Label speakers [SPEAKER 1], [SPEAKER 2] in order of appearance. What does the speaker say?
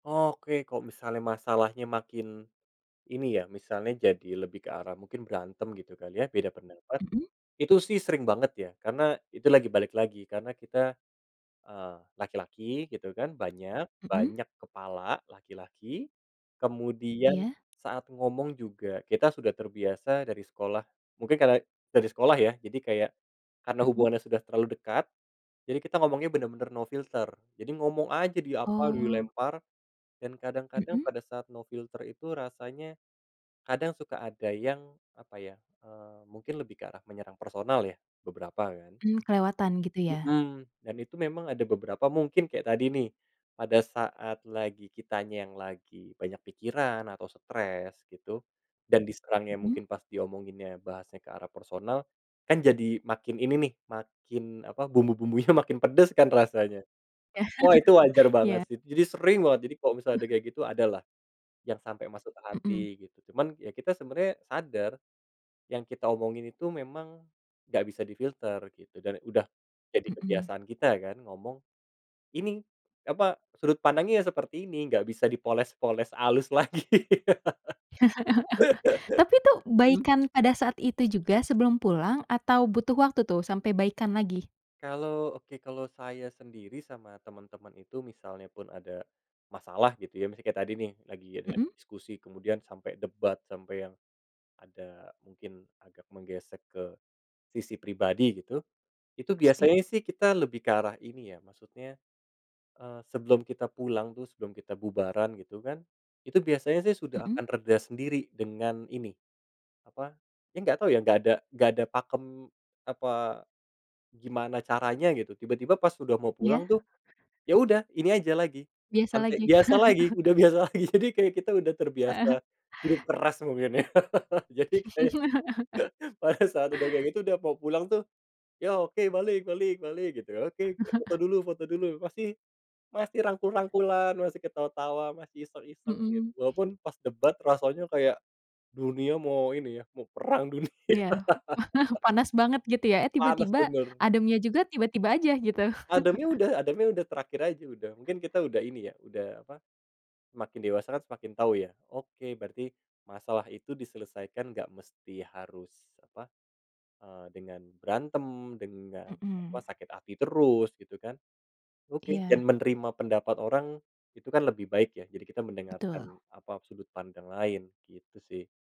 [SPEAKER 1] Oke. Kalo misalnya masalahnya makin ini ya, misalnya jadi lebih ke arah mungkin berantem, gitu kali ya, beda pendapat,
[SPEAKER 2] Mhm.
[SPEAKER 1] itu sih sering banget, ya. Karena, itu lagi balik lagi, karena kita, eee, laki-laki, gitu kan, banyak
[SPEAKER 2] Mhm.
[SPEAKER 1] banyak kepala laki-laki, kemudian
[SPEAKER 2] Iya.
[SPEAKER 1] saat ngomong juga, kita sudah terbiasa dari sekolah mungkin karena dari sekolah, ya, jadi kayak, karena
[SPEAKER 2] Mhm.
[SPEAKER 1] hubungannya sudah terlalu dekat, jadi kita ngomongnya bener-bener no filter. Jadi ngomong aja, di apa,
[SPEAKER 2] Oh.
[SPEAKER 1] dilempar, dan kadang-kadang
[SPEAKER 2] Mhm.
[SPEAKER 1] pada saat no filter itu rasanya, kadang suka ada yang apa ya, eee, mungkin lebih ke arah menyerang personal, ya. Beberapa, kan.
[SPEAKER 2] Mmm, kelewatan, gitu, ya?
[SPEAKER 1] Mhm. Dan itu memang ada beberapa mungkin kayak tadi, nih. Pada saat lagi kitanya yang lagi banyak pikiran, atau stres, gitu, dan diserangnya
[SPEAKER 2] Mhm.
[SPEAKER 1] mungkin pas diomonginnya bahasnya ke arah personal, kan jadi makin ini nih, makin apa, bumbu-bumbunya makin pedes kan, rasanya. Wah, itu wajar banget,
[SPEAKER 2] Iya.
[SPEAKER 1] sih. Jadi sering banget. Jadi, kalo misalnya ada kayak gitu, ada lah, yang sampai masuk ke hati,
[SPEAKER 2] Mhm.
[SPEAKER 1] gitu. Cuman, ya kita sebenarnya sadar, yang kita omongin itu memang, nggak bisa difilter, gitu. Dan, udah, jadi
[SPEAKER 2] Mhm.
[SPEAKER 1] kebiasaan kita kan, ngomong, ini apa, sudut pandangnya ya seperti ini, nggak bisa dipoles-poles alus lagi.
[SPEAKER 2] Tapi tuh,
[SPEAKER 1] Mmm?
[SPEAKER 2] baikan pada saat itu juga, sebelum pulang, atau butuh waktu tuh, sampai baikan lagi?
[SPEAKER 1] Kalau oke. Kalau saya sendiri, sama teman-teman itu, misalnya pun ada, masalah, gitu ya. Misalnya kayak tadi, nih, lagi ada
[SPEAKER 2] Mhm.
[SPEAKER 1] diskusi, kemudian sampai debat, sampai yang, ada mungkin agak menggesek ke, sisi pribadi, gitu. Itu biasanya
[SPEAKER 2] [unintelligible]
[SPEAKER 1] sih, kita lebih ke arah ini, ya. Maksudnya, eee, sebelum kita pulang tuh, sebelum kita bubaran gitu, kan, itu biasanya sih, sudah
[SPEAKER 2] Mhm.
[SPEAKER 1] akan reda sendiri dengan ini apa, ya enggak tahu ya, nggak ada nggak ada pakem, apa, gimana caranya, gitu. Tiba-tiba pas sudah mau
[SPEAKER 2] Iya?
[SPEAKER 1] pulang tuh, ya udah ini aja lagi,
[SPEAKER 2] Biasa
[SPEAKER 1] [unintelligible]
[SPEAKER 2] lagi?
[SPEAKER 1] biasa lagi, udah biasa lagi. Jadi kayak kita udah
[SPEAKER 2] Heeh.
[SPEAKER 1] terbiasa, hidup keras mungkin, ya? Jadi kayak, pada saat udah kayak gitu, udah mau pulang tuh, "Ya, oke, balik balik balik." Gitu. "oke oke foto dulu foto dulu." Masih masih rangkul-rangkulan, masih ketawa-tawa, masih iseng-iseng, gitu.
[SPEAKER 2] Mhm.
[SPEAKER 1] Walaupun pas debat, rasanya kayak, dunia mau ini ya, mau perang dunia.
[SPEAKER 2] Iya. Panas banget, gitu ya? Eh,
[SPEAKER 1] Panas,
[SPEAKER 2] tiba-tiba,
[SPEAKER 1] bener.
[SPEAKER 2] ademnya juga tiba-tiba aja, gitu.
[SPEAKER 1] Ademnya udah ademnya udah, terakhir aja, udah. Mungkin kita udah ini, ya, udah apa, semakin dewasa kan, semakin tahu, ya. Oke. Berarti, masalah itu diselesaikan, nggak mesti harus, apa, eee, dengan berantem, dengan, apa,
[SPEAKER 2] Mhm.
[SPEAKER 1] sakit hati terus, gitu kan? Oke.
[SPEAKER 2] Iya.
[SPEAKER 1] Dan menerima pendapat orang, itu kan lebih baik, ya jadi kita
[SPEAKER 2] Betul.
[SPEAKER 1] mendengarkan, apa, sudut pandang lain. Gitu sih.